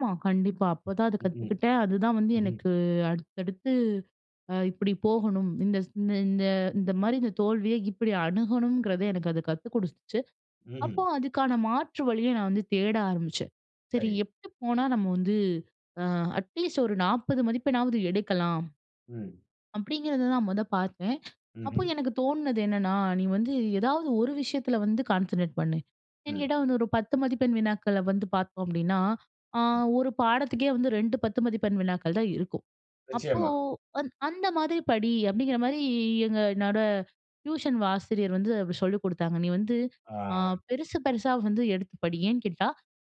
ஆமா, கண்டிப்பா. அப்போ தான் அது ம்ஹ்ம், கத்துக்கிட்டேன். அதுதான் வந்து ம், ம். எனக்கு அடுத்தடுத்து அ இப்பிடி போகணும். இந்தஸ் இந்த, இந்த, இந்தமாரி இந்த தோல்விய இப்பிடி அணுகணுங்கிறதே எனக்கு அது கத்து குடுத்துச்சு. அப்போ ம்ஹ்ம். அதுக்கான மாற்று வழிய நான் வந்து தேட ஆரம்பிச்சேன். சரி, சரி. எப்பிடி போனா நம்ம வந்து, அ அட்லீஸ்ட் ஒரு 40 மதிப்பெண்ணாவது எடுக்கலாம். ம். அப்பிடிங்கிறத தான் மொத பார்த்தேன். அப்போ ம்ஹ்ம். எனக்கு தோணுனது என்னன்னா, நீ வந்து ஏதாவது ஒரு விஷயத்தில வந்து கான்சன்ட்ரேட் பண்ணு. ஏன்னு ம். கேட்டா வந்து ஒரு 10 மதிப்பெண் வினாக்கள வந்து பார்த்தோம் அப்பிடின்னா, அ ம். ஒரு பாடத்துக்கே வந்து 2, 10 மதிப்பெண் வினாக்கள் தான் இருக்கும். அப்போ நிச்சயமா. அந் அந்தமாதிரி படி அப்பிடிங்கிற மாரி எங்க நட டியூஷன் ஆசிரியர் வந்து அப்பிடி சொல்லிக் கொடுத்தாங்க. "நீ வந்து ஆ. அ பெருசு, பெருசா வந்து எடுத்து படி! ஏன்னு கேட்டா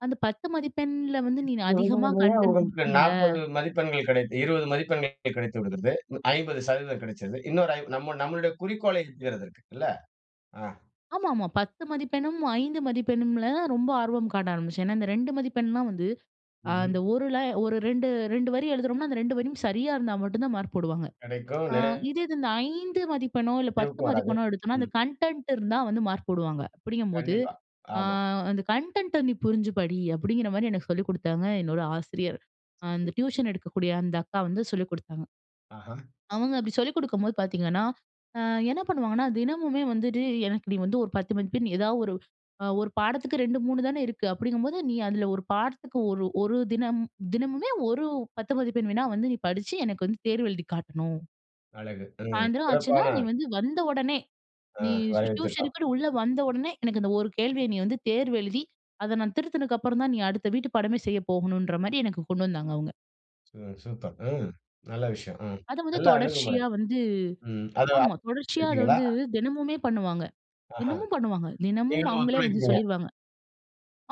அந்த 10 மதிப்பெண்ல வந்து நீனு அதிகமா கன்டென்ட் [unintelligible] குடுத்துருந்த." 40 மதிப்பெண்கள் கிடைத் 20 மதிப்பெண்கள் [unintelligible] கிடைத்து விடுகிறது. 50% கிடைச்சிருது. இன்னொரு ஐம் நம்ம, நம்மளுடைய குறிக்கோளை [unintelligible] இல்ல. ஆ. ஆமா, ஆமா. பத்து மதிப்பெண்ணும், ஐந்து மதிப்பெண்ணும்ல ரொம்ப ஆர்வம் காட்ட ஆரம்பிச்சேன். ஏன்னா, இந்த 2 மதிப்பெண்லாம் வந்து, அ ம்ஹ்ம். அந்த ஒருல ஒரு 2, 2 வரி எழுதுறோம்னா அந்த 2 வரியும் சரியா இருந்தா மட்டும் தான் மார்க் போடுவாங்க. கிடைக்கும் அ [unintelligible] இதே இது இந்த 5 மதிப்பெண்ணோ, இல்ல 10 [unintelligible] வராது. மதிப்பெண்ணோ எடுத்தோன்னா, ம். அந்த கன்டென்ட் இருந்தா வந்து மார்க் போடுவாங்க, அப்பிடிங்கம்போது கண்டிப்பா. அ ஆமா. அந்த கன்டென்ட்ட நீ புரிஞ்சு படி, அப்பிடிங்கிறமாரி எனக்கு சொல்லிக் குடுத்தாங்க என்னோட ஆசிரியர். அ அந்த டியூஷன் எடுக்கக்கூடிய அந்த அக்கா வந்து சொல்லிக் குடுத்தாங்க. அஹா. அவங்க அப்பிடி சொல்லிக் குடுக்கும்போது பார்த்தீங்கன்னா, அ என்ன பண்ணுவாங்கன்னா, "தினமுமே வந்துட்டு எனக்கு நீ வந்து ஒரு 10 மதிப்பெண் ஏதா ஒரு, அ ஒரு பாடத்துக்கு 2, 3 தானே இருக்கு, அப்பிடிங்கம்போது நீ அதில ஒரு பாடத்துக்கு ஒரு ஒரு தினம் தினமுமே ஒரு 10 மதிப்பெண் வினா வந்து நீ படிச்சி எனக்கு வந்து தேர்வு எழுதி காட்டணும்." அழகு. ம், "சாயந்திரம் ஆச்சுனா, சிறப்பான. நீ வந்து வந்த உடனே, அ, நீ வரைவு திட்டம். டியூஷனுக்குன்னு உள்ள வந்த உடனே, எனக்கு இந்த ஒரு கேள்விய நீ வந்து தேர்வு எழுதி, அத நான் திருத்தினக்கு அப்புறம் தான், நீ அடுத்த வீட்டு பாடமே செய்ய போகணும்ன்றமாரி" எனக்கு கொண்டு வந்தாங்க, அவுங்க. ம். சூப்பர். ம். நல்ல விஷயம். ம். அத வந்து நல்ல அணுகுமுறை. தொடர்ச்சியா வந்து, ம். அத ஆமா [unintelligible] தொடர்ச்சியா அத எடுத்தீங்களா? வந்து தினமுமே பண்ணுவாங்க. அஹா. தினமும் பண்ணுவாங்க. தினமும் நீங்களும் அவுங்களே வந்து ஒத்துழைக்கிறீங்க. சொல்லிருவாங்க.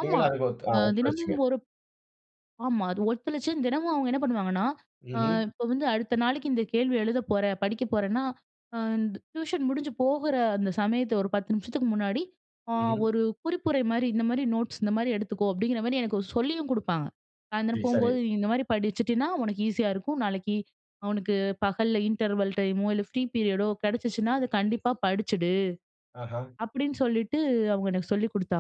ஆமா. நீங்களும் அதுக்கு ஒத் அ அ தினமும் ஒத்துழைச்சிங்க. ஒருப் ஆமா. அது ஒத்துழச்சேன், தினமும் அவுங்க என்ன பண்ணுவாங்கன்னா, "அ ம்ஹ்ம். இப்போ வந்து அடுத்த நாளைக்கு இந்த கேள்வி எழுதப் போற, படிக்க போறன்னா, அ இந் டியூஷன் முடிஞ்சு போகுற அந்த சமயத்த ஒரு 10 நிமிஷத்துக்கு முன்னாடி, அ ம்ஹ்ம். ஒரு குறிப்புரைமாரி இந்தமாரி நோட்ஸ் இந்தமாரி எடுத்துக்கோ! அப்பிடிங்கிறமாரி எனக்கு சொல்லியும் குடுப்பாங்க. சாயந்திரம் சரி, சரி. போம்போது நீ இந்தமாரி படிச்சிட்டீன்னா, உனக்கு ஈஸியா இருக்கும், நாளைக்கி, அவனுக்கு பகல்ல இன்டர்வல் டைமோ இல்ல ஃப்ரீ பீரியடோ கிடைச்சுச்சுனா, அது கண்டிப்பா படிச்சிடு," அஹா. அப்பிடின்னு சொல்லிட்டு அவுங்க எனக்கு சொல்லிக் குடுத்தாங்க.